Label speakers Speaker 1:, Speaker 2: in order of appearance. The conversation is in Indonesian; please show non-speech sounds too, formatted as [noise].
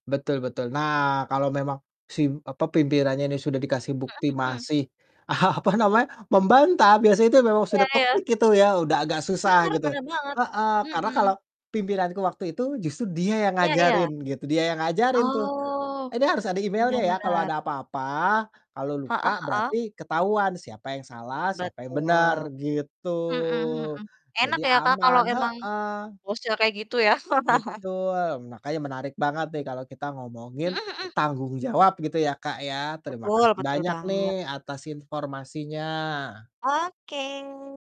Speaker 1: Betul betul, nah, kalau memang si, apa, pimpinannya ini sudah dikasih bukti
Speaker 2: Mhm mhm.
Speaker 1: masih, apa namanya, membantah biasanya itu memang sudah
Speaker 2: Iya iya.
Speaker 1: toxic itu ya, udah agak susah
Speaker 2: Benar
Speaker 1: gitu.
Speaker 2: benar banget,
Speaker 1: Heeh, karena kalau
Speaker 2: mhm.
Speaker 1: pimpinanku waktu itu, justru dia yang
Speaker 2: Iya
Speaker 1: ngajarin
Speaker 2: iya.
Speaker 1: gitu, dia yang ngajarin tuh.
Speaker 2: Oh.
Speaker 1: "Ini harus ada
Speaker 2: Bener
Speaker 1: emailnya ya, kalau
Speaker 2: benar.
Speaker 1: ada apa-apa, kalau
Speaker 2: Heeh
Speaker 1: lupa,
Speaker 2: heeh.
Speaker 1: berarti ketahuan siapa yang salah, siapa yang benar."
Speaker 2: Betul,
Speaker 1: Gitu.
Speaker 2: mhm mhm, enak
Speaker 1: Jadi
Speaker 2: ya Kak kalo
Speaker 1: aman,
Speaker 2: emang,
Speaker 1: heeh.
Speaker 2: bosnya kayak gitu ya? [laughs]
Speaker 1: Betul, makanya menarik banget nih kalau kita ngomongin
Speaker 2: Mhm mhm.
Speaker 1: tanggung jawab gitu ya Kak ya.
Speaker 2: Betul,
Speaker 1: Terimakasih
Speaker 2: betul
Speaker 1: banyak nih,
Speaker 2: banget.
Speaker 1: atas informasinya.
Speaker 2: Oke.